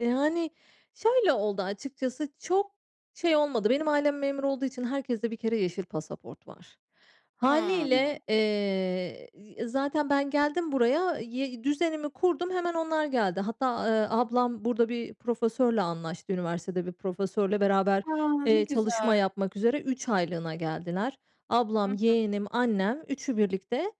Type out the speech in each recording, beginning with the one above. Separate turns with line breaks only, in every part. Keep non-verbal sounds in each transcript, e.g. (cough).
Yani, şöyle oldu, açıkçası çok şey olmadı. Benim ailem memur olduğu için herkeste bir kere yeşil pasaport var. Hâliyle,
Hımm.
eee, e, zaten ben geldim buraya, y düzenimi kurdum, hemen onlar geldi. Hatta, eee, ablam burada bir profesörle anlaştı. Üniversitede bir profesörle beraber,
A, ne
eee, çalışma
güzel.
yapmak üzere 3 aylığına geldiler.
Hı
Ablam,
hı.
yeğenim, annem üçü birlikte,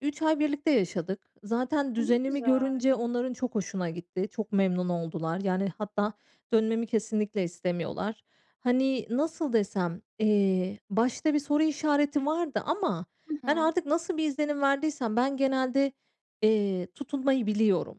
3 ay birlikte yaşadık. Zaten
A, ne
düzenimi
güzel.
görünce onların çok hoşuna gitti, çok memnun oldular. Yani, hatta dönmemi kesinlikle istemiyorlar. Hani, nasıl desem, eee, başta bir soru işareti vardı ama
Hı
ben
hı.
artık nasıl bir izlenim verdiysem; ben genelde, eee, tutunmayı biliyorum.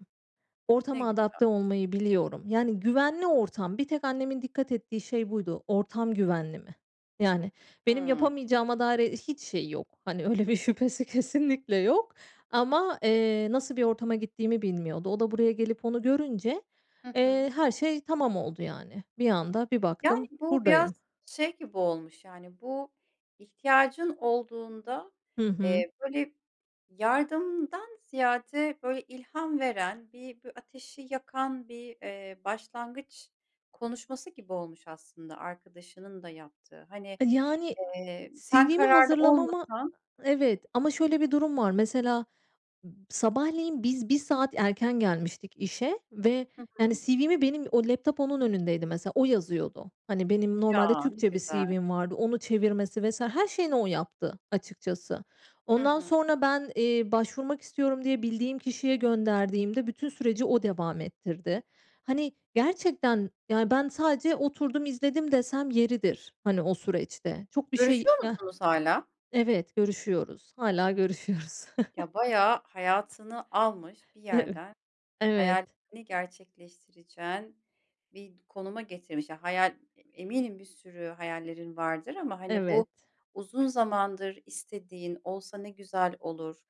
Ne
Ortama
güzel.
adapte olmayı biliyorum. Yani, güvenli ortam, bir tek annemin dikkat ettiği şey buydu. Ortam güvenli mi? Yani, benim
Hıı.
yapamayacağıma dair hiç şeyi yok. Hani, öyle bir şüphesi kesinlikle yok ama, eee, nasıl bir ortama gittiğimi bilmiyordu. O da buraya gelip onu görünce,
Hı hı.
eee, her şey tamam oldu, yani. Bir anda, bir
Yani,
baktım
bu biraz
buradayım.
şey gibi olmuş; yani, bu ihtiyacın olduğunda,
Hı hı.
eee, böyle, yardımdan ziyade, böyle, ilham veren, bir bu ateşi yakan bir, eee, başlangıç konuşması gibi olmuş aslında arkadaşının da yaptığı. Hani,
Yani,
eee, sen
CV'mi
kararlı
hazırlamama
olmasan
Evet, ama şöyle bir durum var. Mesela b sabahleyin biz 1 saat erken gelmiştik işe ve,
Hı
yani,
hı.
CV'mi benim o laptop onun önündeydi mesela, o yazıyordu. Hani, benim normalde
Ya, ne
Türkçe bir
güzel.
CV'm vardı. Onu çevirmesi vs. her şeyini o yaptı açıkçası.
Hı
Ondan
hı.
sonra ben, eee, başvurmak istiyorum diye bildiğim kişiye gönderdiğimde, bütün süreci o devam ettirdi. Hani, gerçekten, yani, ben sadece oturdum, izledim desem yeridir. Hani, o süreçte. Çok bir şey
Görüşüyor
ya
musunuz hâlâ?
Evet, görüşüyoruz, hâlâ görüşüyoruz.
Ya, bayağı hayatını almış bir
Evet.
yerden,
Evet.
hayallerini gerçekleştireceğin bir konuma getirmiş. Ya, hayal eminim bir sürü hayallerin vardır ama, hani,
Evet.
bu uzun zamandır istediğin olsa ne güzel olur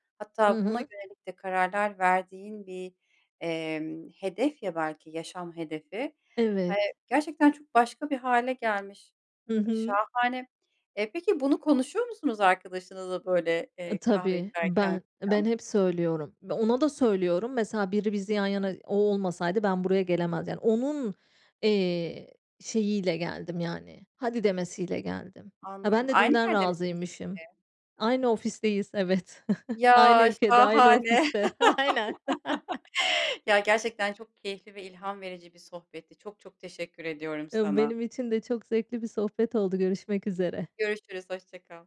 Hı
hatta buna
hı.
yönelik de kararlar verdiğin bir, emm, hedef ya, belki yaşam hedefi.
Evet.
Hay Gerçekten çok başka bir hâle gelmiş
Hı hı.
şahane. Eee, peki bunu konuşuyor musunuz arkadaşınızla, böyle,
A,
eee, kahve
tabii
içerken
ben, ben
falan?
hep söylüyorum ve ona da söylüyorum. Mesela biri bizi
Hı
yan
hı.
yana o olmasaydı ben buraya gelemezdim. Yani, onun, eee, şeyiyle geldim, yani, "Hadi" demesiyle geldim.
Anladım,
Ben de
aynı
dünden
yerde misiniz
razıymışım.
peki?
Aynı ofisteyiz, evet. (chuckles) Aynı
Ya,
ülkede, aynı
şahane.
ofiste. Aynen.
(laughs) Ya,
(laughs)
gerçekten çok keyifli ve ilham verici bir sohbetti. Çok, çok teşekkür ediyorum
Imm,
sana.
benim için de çok zevkli bir sohbet oldu, görüşmek üzere.
Görüşürüz, hoşça kal.